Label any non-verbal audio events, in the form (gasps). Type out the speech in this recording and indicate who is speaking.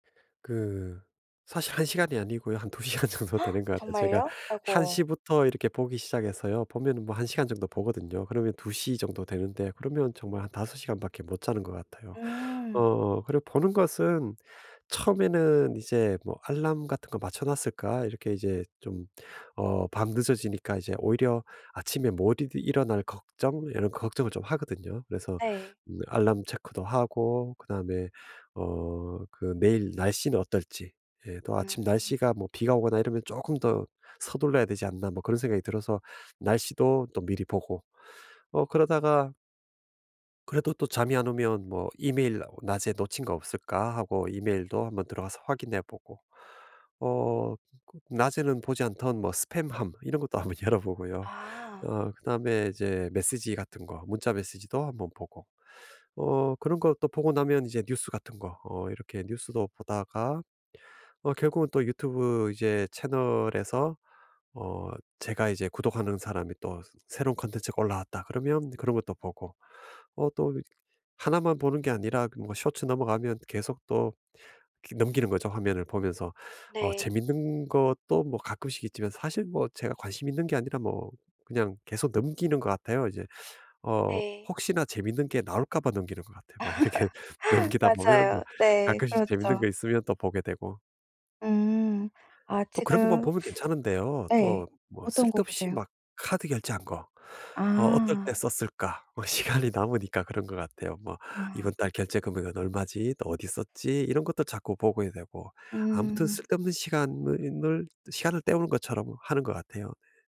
Speaker 1: 그 사실 1 시간이 아니고요 한 2 시간 정도 되는 것
Speaker 2: (gasps)
Speaker 1: 같아요. 제가
Speaker 2: 정말요?
Speaker 1: 1
Speaker 2: 아이고.
Speaker 1: 시부터 이렇게 보기 시작해서요 보면은 뭐 1 시간 정도 보거든요. 그러면 2 시 정도 되는데 그러면 정말 한 5 시간밖에 못 자는 것 같아요.
Speaker 2: 음.
Speaker 1: 어 그리고 보는 것은 처음에는 이제 뭐 알람 같은 거 맞춰 놨을까? 이렇게 이제 좀 어 밤늦어지니까 이제 오히려 아침에 못 일어날 걱정 이런 걱정을 좀 하거든요. 그래서
Speaker 2: 네.
Speaker 1: 음 alarm check도 하고 그다음에 어 그 내일 날씨는 어떨지 예 또 '아침
Speaker 2: 음.
Speaker 1: 날씨가 뭐 비가 오거나 이러면 쪼끔 더 서둘러야 되지 않나?' 뭐 그런 생각이 들어서 날씨도 또 미리 보고 어 그러다가 그래도 또 잠이 안 오면 뭐 '이메일 어 낮에 놓친 거 없을까?' 하고 이메일도 한번 들어가서 확인해 보고 어 그 낮에는 보지 않던 뭐 스팸함 이런 것도 한번 열어 보고요.
Speaker 2: 아.
Speaker 1: 어 그다음에 이제 메시지 같은 거 문자 메시지도 한 번 보고 어 그런 것도 보고 나면 이제 뉴스 같은 거 어 이렇게 뉴스도 보다가 어 결국은 또 YouTube 이제 채널에서 어 제가 이제 구독하는 사람이 또 '새로운 컨텐츠가 올라왔다.' 그러면 그런 것도 보고 어 또 이 하나만 보는 게 아니라 그 뭐 쇼츠 넘어가면 계속 또 그 넘기는 거죠, 화면을 보면서. 어
Speaker 2: 네.
Speaker 1: 재밌는 것도 뭐 가끔씩 있지만 사실 뭐 제가 관심이 있는 게 아니라 뭐 그냥 계속 넘기는 것 같아요, 이제. 어
Speaker 2: 네.
Speaker 1: 혹시나 재밌는 게 나올까 봐 넘기는 것 같아요. 막 이렇게
Speaker 2: (laughs)
Speaker 1: 넘기다 보면 좀
Speaker 2: 맞아요. 네.
Speaker 1: 가끔씩 재밌는
Speaker 2: 그렇죠.
Speaker 1: 거 있으면 또 보게 되고.
Speaker 2: 음. 아
Speaker 1: 또 그런 것만
Speaker 2: 지금
Speaker 1: 보면
Speaker 2: (sucks teeth)
Speaker 1: 괜찮은데요
Speaker 2: 네.
Speaker 1: 또 뭐
Speaker 2: 어떤 거
Speaker 1: 쓸데없이
Speaker 2: 보세요?
Speaker 1: 막 카드 결제한 거 '어 어떨 때
Speaker 2: 아.
Speaker 1: 썼을까?' 뭐 시간이 남으니까 그런 것 같아요. 뭐
Speaker 2: 아.
Speaker 1: '이번 달 결제 금액은 얼마지? 또 어디 썼지?' 이런 것도 자꾸 보게 되고 아무튼
Speaker 2: 음.
Speaker 1: 쓸데없는 시간을 있 늘 또 시간을 때우는 것처럼 하는 것 같아요.